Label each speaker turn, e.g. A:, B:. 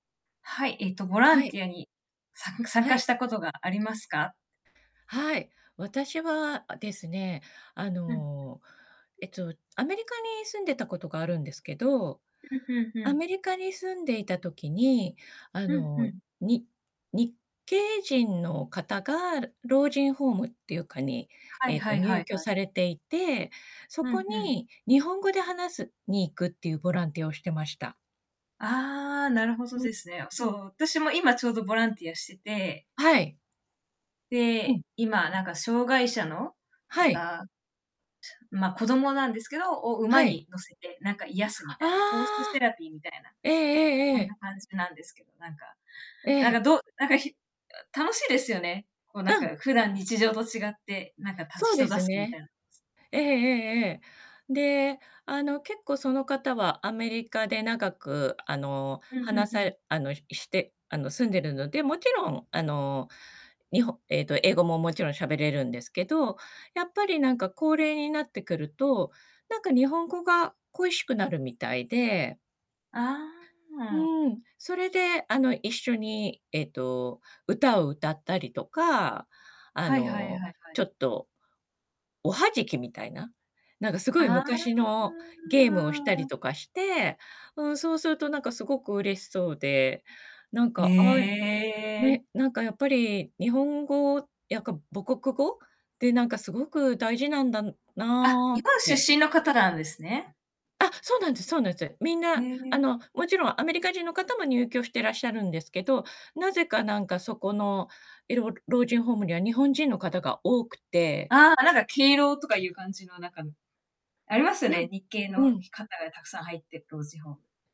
A: はい、えっとボラ
B: は
A: ン
B: い。
A: ティアに参加参
B: は
A: 加
B: い。
A: したことがありますか？
B: はい。私は、あですね、あ
A: うん。
B: のえっとアメリカに住んでたことがあるんですけど、
A: うんうんう
B: ア
A: ん。
B: メリカに住んでいた時に、あ
A: うんう
B: の
A: ん。
B: に日系人の方が、老人ホームっていうかに
A: はい
B: えっ
A: は
B: と
A: いは
B: 入
A: い
B: 居
A: はい。
B: されていて、そ
A: う
B: こ
A: んうん。
B: に日本語で話すに行くっていうボランティアをしてました。
A: ああ、なるほどですね。そう、私も今ちょうどボランティアしてて。
B: はい。うん。
A: で、今なんか障がい者の
B: はい。
A: 方。ま、子供なんですけど、を
B: は
A: 馬
B: い。
A: に乗せて、なんか癒すみたいな、ホース
B: あ
A: セ
B: あ。
A: ラピーみたいな。
B: ええええ
A: そ
B: え
A: ん
B: え。
A: な感じなんですけど、なんか、
B: え
A: なんか
B: え。
A: どう、なんかひ楽しいですよね。こうなん
B: うん。
A: か普段日常と違って、なんかた
B: そうで
A: 人助
B: す
A: けみたい
B: ね。
A: な。
B: ええええええ。で、あの結構その方はアメリカで長くあの
A: うん、ふん
B: 話
A: ふ
B: さ
A: ん。
B: れあのししてあの住んでるので、もちろんあのにほえっと英語ももちろんしゃべれるんですけど、やっぱりなんか高齢になってくると、なんか日本語が恋しくなるみたいで。
A: ああ、あ。
B: うーん、それで、あの一緒にえっと歌を歌ったりとか、あ
A: はいはいはい
B: の
A: はい。
B: ちょっと、おはじきみたいな、なんかすごい
A: あ
B: 昔のゲームをしたり
A: あ。
B: とかして、うーんそうするとなんかすごく嬉しそうで、なん
A: へ
B: か、あ、
A: え。
B: ね、なんかやっぱり日本語やっぱ母国語でなんかすごく大事なんだ
A: あ、
B: な
A: 日
B: っ
A: 本
B: て。
A: 出身の方なんですね。
B: あ、そうなんです、そうなんす。みん
A: へ
B: なあ
A: え。
B: のもちろんアメリカ人の方も入居してらっしゃるんですけど、なぜかなんかそこのいろ老人ホームには日本人の方が多くて。
A: ああ、あなんか敬老とかいう感じのなんか、ありますよね、日系の
B: う
A: ひ
B: ん。
A: 方がたくさん入って、老人ホーム。